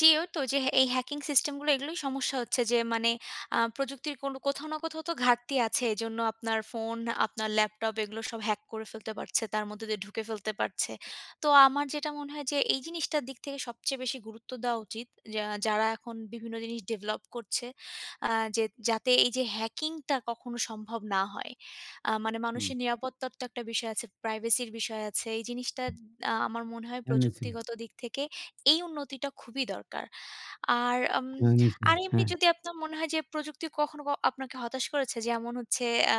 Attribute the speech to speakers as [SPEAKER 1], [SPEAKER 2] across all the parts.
[SPEAKER 1] জি, ঐ তো যে, এই হ্যাকিং সিস্টেমগুলো এগুলোই সমস্যা হচ্ছে যে, মানে আ প্রযুক্তির কোনো কোথাও না কোথাও তো ঘাটতি আছে এজন্য আপনার ফোন আপনার ল্যাপটপ এগুলো সব হ্যাক করে ফেলতে পারছে তার মধ্যে দিয়ে ঢুকে ফেলতে পারছে। তো আমার যেটা মনে হয় যে, এই জিনিসটার দিক থেকে সবচেয়ে বেশি গুরুত্ব দেওয়া উচিত যা যারা এখন বিভিন্ন জিনিস ডেভেলপ করছে আ যে, যাতে এই যে, হ্যাকিংটা কখনো সম্ভব না হয়। আ মানে
[SPEAKER 2] হুম।
[SPEAKER 1] মানুষের নিরাপত্তার তো একটা বিষয় আছে। প্রাইভেসির বিষয় আছে। এই জিনিসটা আ আমার মনে হয়
[SPEAKER 2] হয়েছে।
[SPEAKER 1] প্রযুক্তিগত দিক থেকে এই উন্নতিটা খুবই দরকার। আর উম
[SPEAKER 2] হুম, জি,
[SPEAKER 1] আর এমনি
[SPEAKER 2] হ্যাঁ।
[SPEAKER 1] যদি আপনার মনে হয় যে, প্রযুক্তি কখনো আপনাকে হতাশ করেছে যেমন হচ্ছে আ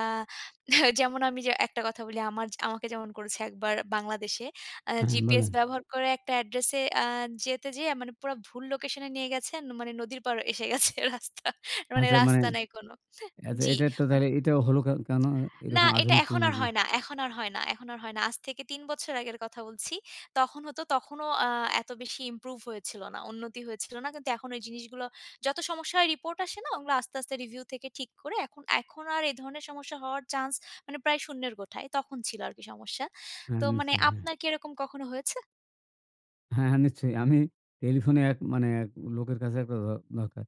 [SPEAKER 1] যেমন আমি ঐ যে, একটা কথা বলি আমার আমাকে যেমন করেছে ১ বার বাংলাদেশে আ
[SPEAKER 2] হ্যাঁ,
[SPEAKER 1] জিপিএস
[SPEAKER 2] বলুন।
[SPEAKER 1] ব্যবহার করে একটা অ্যাড্রেস এ আ যেতে যেয়ে মানে পুরা ভুল লোকেশন এ নিয়ে গেছেন। মানে নদীর পার এসে গেছে রাস্তা। মানে
[SPEAKER 2] আচ্ছা, মানে
[SPEAKER 1] রাস্তা নাই কোন।
[SPEAKER 2] আচ্ছা
[SPEAKER 1] জি।
[SPEAKER 2] এটা তো তাহলে এটা হল কে কেন
[SPEAKER 1] না,
[SPEAKER 2] এরকম
[SPEAKER 1] এটা
[SPEAKER 2] আধুনিক
[SPEAKER 1] এখন আর
[SPEAKER 2] প্রযুক্তি।
[SPEAKER 1] হয় না। এখন আর হয় না। এখন আর হয় না। আজ থেকে ৩ বছর আগের কথা বলছি। তখন হতো তখনও আ এত বেশি ইমপ্রুভ হয়েছিল না। উন্নতি হয়েছিল না। কিন্তু এখন ঐ জিনিসগুলো যত সমস্যা হয় রিপোর্ট আসে না ওগুলো আস্তে, আস্তে রিভিউ থেকে ঠিক করে এখন আর এ ধরনের সমস্যা হওয়ার চান্স মানে প্রায় শূন্যের গোঠায় তখন ছিল আরকি সমস্যা।
[SPEAKER 2] হ্যাঁ,
[SPEAKER 1] তো মানে
[SPEAKER 2] নিশ্চয়ই, হ্যাঁ।
[SPEAKER 1] আপনার কি এরকম কখনো হয়েছে?
[SPEAKER 2] হ্যাঁ, হ্যাঁ, নিশ্চয়ই। আমি টেলিফোনে এক মানে লোকের কাছে একটা দ দরকার।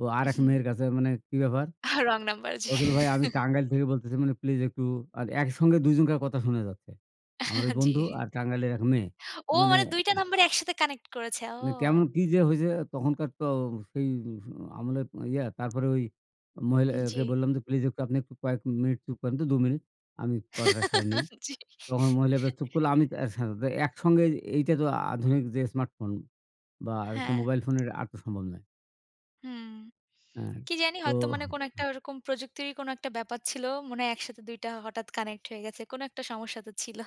[SPEAKER 2] ও আরেক
[SPEAKER 1] হুম।
[SPEAKER 2] মেয়ের কাছে মানে কি ব্যাপার?
[SPEAKER 1] রং নাম্বার জি।
[SPEAKER 2] রসুল ভাই আমি টাঙ্গাইল থেকে বলতেছি মানে প্লিজ একটু আর একসঙ্গে ২ জনকার কথা শোনা যাচ্ছে। আমার ঐ
[SPEAKER 1] জি।
[SPEAKER 2] বন্ধু আর টাঙ্গাইলের ১ মেয়ে।
[SPEAKER 1] ও!
[SPEAKER 2] মানে
[SPEAKER 1] মানে ২ টা নাম্বার একসাথে কানেক্ট করেছে। ও!
[SPEAKER 2] মানে কেমন কি যে, হয়েছে তখনকার তো সেই আমলে ইয়ে তারপরে ঐ মহিলাকে
[SPEAKER 1] জি।
[SPEAKER 2] বললাম যে, প্লিজ একটু আপনি একটু কয়েক মিনিট চুপ করেন তো ২ মিনিট আমি কথাটা সেরে নেই।
[SPEAKER 1] জি।
[SPEAKER 2] তখন মহিলাটা বেশ চুপ করল আমি এর সাথে তো একসঙ্গে এইটা তো আধুনিক যে, স্মার্ট ফোন বা
[SPEAKER 1] হ্যাঁ।
[SPEAKER 2] মোবাইল ফোনের আসা তো সম্ভব নয়।
[SPEAKER 1] হুম,
[SPEAKER 2] হ্যাঁ,
[SPEAKER 1] কি জানি
[SPEAKER 2] তো।
[SPEAKER 1] হয়তো মানে কোন একটা ওরকম প্রযুক্তিরই কোন একটা ব্যাপার ছিল। মনে হয় একসাথে ২ টা হঠাৎ কানেক্ট হয়ে গেছে। কোন একটা সমস্যা তো ছিল।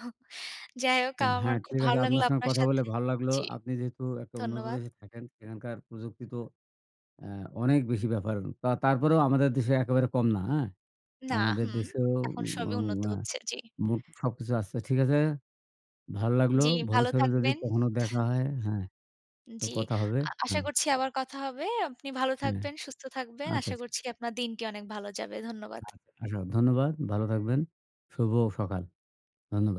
[SPEAKER 1] যাই হোক আমার
[SPEAKER 2] হ্যাঁ,
[SPEAKER 1] খুব
[SPEAKER 2] ঠিক
[SPEAKER 1] ভালো
[SPEAKER 2] আছে
[SPEAKER 1] লাগলো
[SPEAKER 2] আপনার সঙ্গে
[SPEAKER 1] আপনার
[SPEAKER 2] কথা বলে
[SPEAKER 1] সাথে।
[SPEAKER 2] ভালো লাগলো
[SPEAKER 1] জি,
[SPEAKER 2] আপনি যেহেতু একটা উন্নত
[SPEAKER 1] ধন্যবাদ।
[SPEAKER 2] দেশে থাকেন সেখানকার প্রযুক্তি তো আ অনেক বেশি ব্যাপার তারপরেও আমাদের দেশে একেবারে কম না, হ্যাঁ,
[SPEAKER 1] না,
[SPEAKER 2] আমাদের
[SPEAKER 1] হুম,
[SPEAKER 2] দেশেও
[SPEAKER 1] এখন সবই উন্নত
[SPEAKER 2] আ আ
[SPEAKER 1] হচ্ছে জি।
[SPEAKER 2] সবকিছু আসছে ঠিক আছে ভালো লাগলো
[SPEAKER 1] জি, ভালো
[SPEAKER 2] ভবিষ্যতে যদি
[SPEAKER 1] থাকবেন।
[SPEAKER 2] কখনো দেখা হয় হ্যাঁ, তো
[SPEAKER 1] জি।
[SPEAKER 2] কথা হবে,
[SPEAKER 1] আ আশা
[SPEAKER 2] হ্যাঁ।
[SPEAKER 1] করছি আবার কথা হবে। আপনি ভালো
[SPEAKER 2] হ্যাঁ।
[SPEAKER 1] থাকবেন, সুস্থ থাকবেন।
[SPEAKER 2] আচ্ছা,
[SPEAKER 1] আশা
[SPEAKER 2] আচ্ছা।
[SPEAKER 1] করছি আপনার দিনটি অনেক ভালো যাবে। ধন্যবাদ।
[SPEAKER 2] আচ্ছা, ধন্যবাদ ভালো থাকবেন। শুভ সকাল। ধন্যবাদ।